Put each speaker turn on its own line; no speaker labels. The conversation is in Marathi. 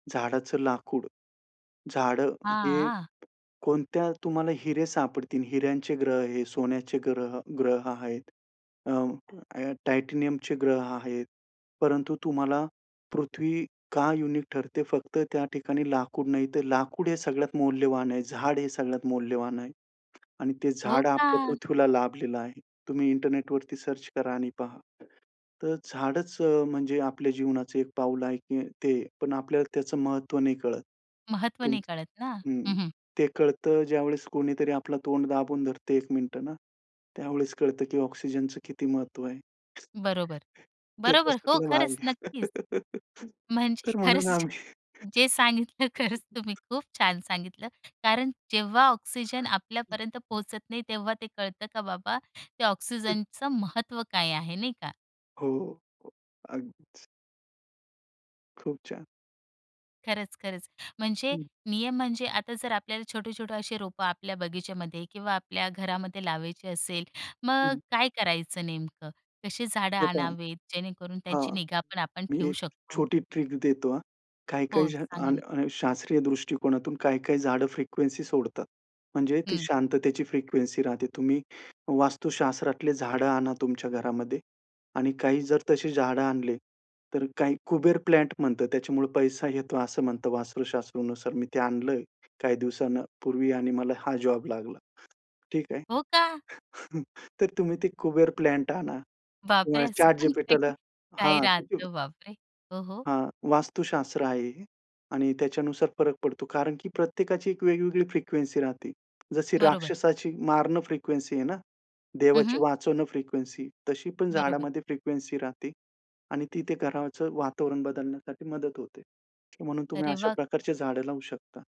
झाडाचं लाकूड. झाडं हे
हां, आ.
कोणत्या तुम्हाला हिरे सापडतील. हिऱ्यांचे ग्रह आहे, सोन्याचे ग्रह अ, ग्रह आहेत. अ, अ टायटॅनियमचे ग्रह आहेत. परंतु तुम्हाला पृथ्वी का युनिक ठरते फक्त त्या ठिकाणी लाकूड नाही, तर लाकूड हे सगळ्यात मौल्यवान आहे. झाड हे सगळ्यात मौल्यवान आहे. आणि ते
हो
झाड आपल्या
का?
पृथ्वीला लाभलेलं आहे. तुम्ही इंटरनेटवरती सर्च करा आणि पहा. तर झाडचं अ, म्हणजे आपल्या जीवनाचं एक पाऊल आहे की ते पण आपल्याला त्याचं महत्त्व नाही कळत.
महत्व नाही
तुमच
कळत ना.
हं.
हं, हं.
ते कळतं ज्यावेळेस कोणीतरी आपला तोंड दाबून धरतं एक मिनिटं ना, त्यावेळेस कळतं की ऑक्सिजनच किती महत्व आहे.
बरोबर.
तर
बरोबर, हो
तशातला भाग
खरंच, नक्कीच.
आहे.
म्हणजे
तर
खरंच
म्हणून आम्ही
जे जे सांगितलं खरंच तुम्ही खूप छान सांगितलं. कारण जेव्हा ऑक्सिजन आपल्यापर्यंत पोहचत नाही. तेव्हा ते कळतं का बाबा ते ऑक्सिजनच महत्व काय आहे नाही का?
हो. अगदीच. खूप छान.
खरंच, खरंच. म्हणजे
हं.
नियम म्हणजे आता जर आपल्याला छोटे-छोटे अशी रोपं आपल्या बगीच्यामध्ये किंवा आपल्या घरामध्ये लावायची असेल. मग अ,
हं.
काय करायचं नेमकं? कशी झाडं
हे पहा
आणावेत जेणेकरून त्यांची
हां.
निगा पण आपण
मी
ठेवू
एक
शकतो?
छोटी ट्रिक देतो हां. काही-काही
हो,
जण अ,
सांगा ना.
अ, शास्त्रीय दृष्टिकोनातून काही-काही झाडं फ्रिक्वेन्सी सोडतात. म्हणजे ती
हं.
शांततेची फ्रिक्वेन्सी राहते. तुम्ही वास्तुशास्त्रातली झाडं आणा तुमच्या घरामध्ये आणि काही जर तशी झाडं आणले. तर काही कुबेर प्लांट म्हणतं त्याच्यामुळे पैसा येतो असं म्हणतं वास्तूशास्त्रनुसार. मी ते आणलं आहे काही दिवसां अ, ...पूर्वी आणि मला हा जॉब लागला. ठीक आहे.
हो का?
तर तुम्ही ते कुबेर प्लांट आणा.
बापरे!
तुम्हाला
असं पण काही.
ChatGPTला
काही
हां.
राहतं बापरे हो, हो.
हां, वास्तुशास्त्र आहे हे. आणि त्याच्यानुसार फरक पडतो, कारण की प्रत्येकाची एक वेगवेगळी फ्रिक्वेन्सी राहते. जशी
बरोबर.
राक्षसाची मारण फ्रिक्वेन्सी आहे ना.
हं,
देवाची
हं.
वाचवणं फ्रिक्वेन्सी. तशी पण
बरोबर.
झाडामध्ये फ्रिक्वेन्सी राहते. आणि ती ते घराचं वातावरण बदलण्यासाठी मदत होते. म्हणून तुम्ही
अरे
अशा
वाह!
प्रकारची झाडं लावू शकता.